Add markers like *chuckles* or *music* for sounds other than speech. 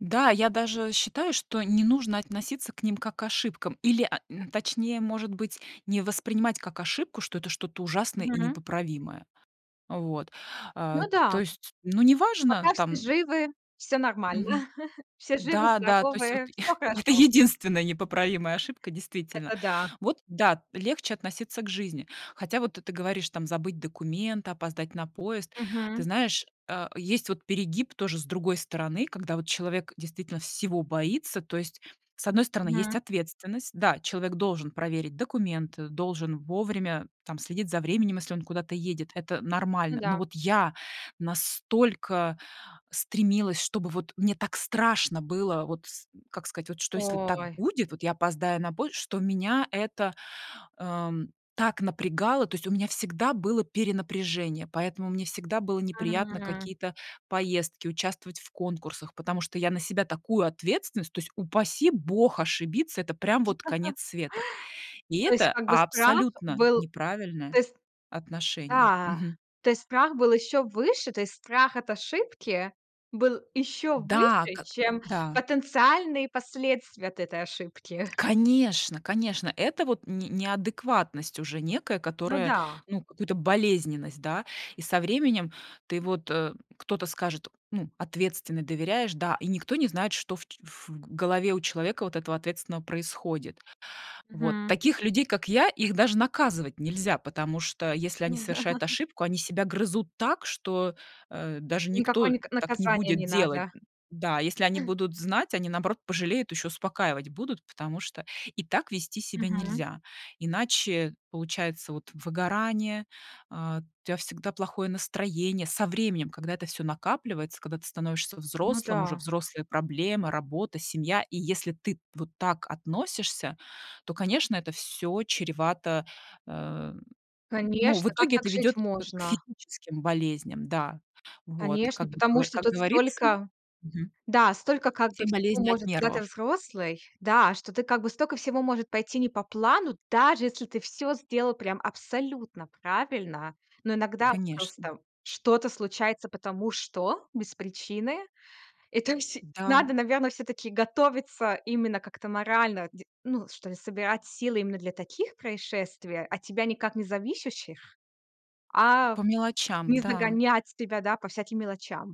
Да, я даже, э, считаю, что не нужно относиться к ним как к ошибкам или, а, н точнее, может быть, не воспринимать как ошибку, что это что-то ужасное и Мгм. непоправимое. А вот, Ну а, то да. есть, ну, неважно Пока, все там живы, всё нормально. Мгм. *chuckles* Все живы, Да, да, то есть вот здоровы, всё *chuckles* *exhales* это хорошо. единственная *chuckles* непоправимая ошибка, действительно. Это да. Вот да, легче относиться к жизни. Хотя вот ты ты говоришь там забыть документы, опоздать на поезд. Ты Мгм. знаешь, э, есть вот перегиб тоже, с другой стороны, когда вот человек действительно всего боится. То есть, с одной стороны, есть Мгм. ответственность: да, человек должен проверить документы, должен вовремя там следить за временем, если он куда-то едет- это Ну нормально. да. Но вот я настолько стремилась, чтобы вот мне так страшно было вот с как сказать, что если так Ой. будет, вот я опоздаю на поезд, что меня это, ам, так напрягало. То есть у меня всегда было перенапряжение, поэтому мне всегда было неприятно М. какие-то поездки, участвовать в конкурсах, потому что я на себя такую ответственность то есть, упаси бог ошибиться, это прям вот конец *chuckles* света. И То есть, это как бы, страх абсолютно был то неправильное есть. отношение. Да. Мгм. То есть страх был ещё выше, то есть страх от ошибки был ещё Да, выше, как чем да. потенциальные последствия от этой ошибки. Конечно, конечно, это вот н не неадекватность уже некая, Ну которая, да. ну, как будто болезненность, да, и со временем ты вот, э кто-то скажет: "Ну, ответственный"- доверяешь, да, и никто не знает, что в ч в голове у человека вот этого ответственного происходит. Вот Мгм. таких людей, как я, их даже наказывать нельзя, потому что если они Ну да. совершают *chuckles* ошибку, они себя грызут так, что, э, даже никто, Никакое э, ни так не наказание будет не делать, надо. м. Да, если они будут *chuckles* знать, они, наоборот, пожалеют, ещё и успокаивать будут, потому что и так вести себя Мгм. нельзя, иначе получается вот выгорание, а, у тя всегда плохое настроение. Со временем, когда это всё накапливается, когда ты становишься Ну взрослым, уже да. взрослая проблема, работа, семья. И если ты вот так относишься, то, конечно, это всё чревато, э, н ну, в Конечно, как итоге это так жить ведёт к, э, можно? физическим болезням, да, вот. Как Конечно, бы, потому что как тут говорится столько мгм. Да, столько, как бы, Все всего болезни от может, когда ты нервов. взрослый, да, что ты, как бы, столько всего может пойти не по плану, даже если ты всё сделал прям абсолютно правильно. Но иногда Конечно. просто что-то случается, потому что без причины. Это вс М-да. надо, наверное, всё-таки готовиться именно как-то морально, де ну, что ли, собирать силы именно для таких происшествий, от тебя никак не зависящих, а По мелочам, не да. загонять себя да по всяким мелочам.